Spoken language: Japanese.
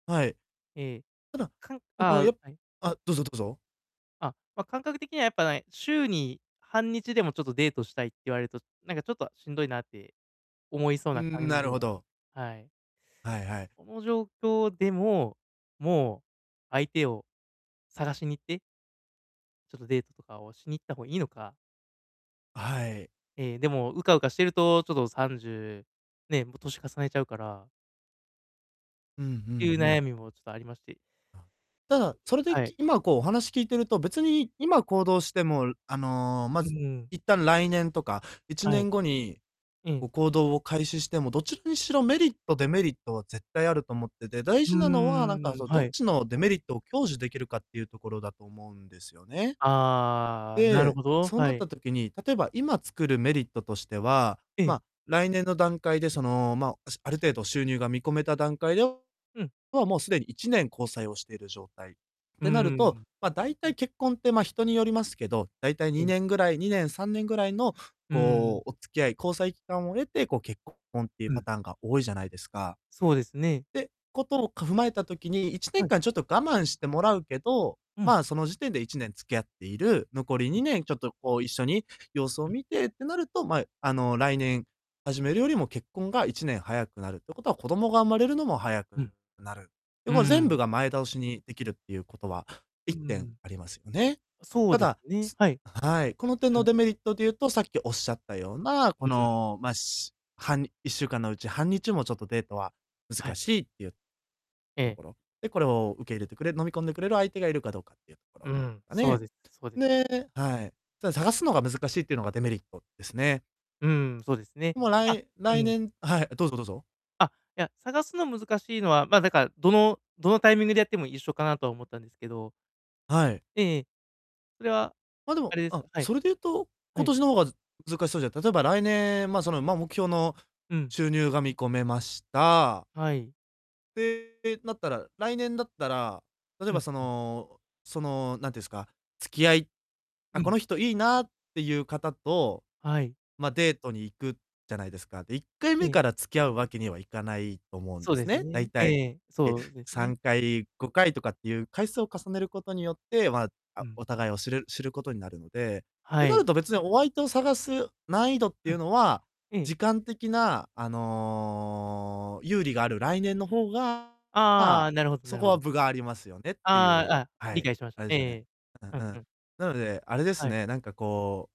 はい。ええ、普あ、段かんそあのあ、やはい。あ、どうぞどうぞ。あ、ま、感覚的にはやっぱね、週に半日でもちょっとデートしたいって言われると、なんか、ちょっとしんどいなって思いそううーなん、感なるじほなんど。はい。はいはい。この状況でも、もう相手を探しに行ってちょっとデートとかをしに行った方がいいのか。はい。ええ、でも、うかうかしてると、ちょっと30、ね、も、歳重ねちゃうからうんうんていうう悩ん。みもちょっとありまして。あ。ただ、それで、はい。き今、こう、お話聞いてると、別に今行動しても、あの、まうず、ーん。一旦来年とかいちはねい。んごに、うん。こ行動を開始しても、どちらにしろメリットデメリットは絶対あると思ってて、大うー事なのは、なんか、ん、その、どっはい。ちのデメリットを享受できるかっていうところだと思うんですよね。ああ、なるで、ほど。そうはなっい。た時に、例えば今作るメリットとしては、ええ。ま、来年の段階で、その、ま、ある程度収入が見込めた段階でうん。もうすでに1年交際をしてる状態。っうてなるーと、ん。ま、大体結婚って、ま、人によりますけど、大体うにん。ねんぐらい、2年3年ぐらいの、うーん。こう、お付き合い、交際期間を経て、こう、結婚っていううパん。ターンが多いじゃないですか。そうですね。てことをか踏まえた時に、いちねはんい。かんちょっと我慢してもらうけど、うん。まあ、その時点で1年付き合っている、残りうにん。ねんちょっと、こう、一緒に様子うをん。見てってなると、ま、あの、来年始めるよりも結婚が1年早くなるってことは、子どもが生まれるのも早くうん。なる。で、うーも、全部ん。が前倒しにできるっていうことは、うー一点ん。ありますよね。あ、そうたですだ、ね、すはい。はい、この点うん。のデメリットでいうと、さっきおっしゃったような、うこん。の、ま、しはん1週間のうち半日もちょっとデートはは難い。しいっていうえとえ。ころ。で、これを受け入れてくれ、飲み込んでくれる相手がいるかどうかっていうとこうろーん、がそうね。です、そうです。ではい。ただ探すのが難しいっていうのがデメリットですね。うーん、そうですね。もう、らあ、いう来ん。年はい、え、どうぞどうぞ。あ、いや、探すの難しいのは、ま、だから、どのどのタイミングでやっても一緒かなとは思ったんですけど。はい。ええ、それは、あ、でも、あれですあ、かはい。それで言うと、は今い。年の方が難しそうじゃ例えば来年、ま、その、目標のうん。収入が見込めました。はい。で、なったら、来年だったら、例えうば、んそうん。のその、なんていうんすか、付き合いあ、うこん。の人いいなっていう方と、はい。ま、デートに行くじゃないですか。で、いっかいうめん。から付き合うわけにはいかないと思うんそでうですすね。だね、いえたい、え、え、そうですさね。んかいごかいとかっていう回数を重ねることによって、まあ、うあ、ん。お互いを知る知ることになるので。はてなるい。と別にお相手を探す難易度ってういうん。のは、ええ。時間的な、あの、有利がある来年の方が、まああ、あ、なるほどなそるこほはど。分がありますよねってあいあ、う、あ、は理い、解しましあた。れでえすえよね。ええ、うんうんううん。ん。なので、あれですはい。ね、なんか、こう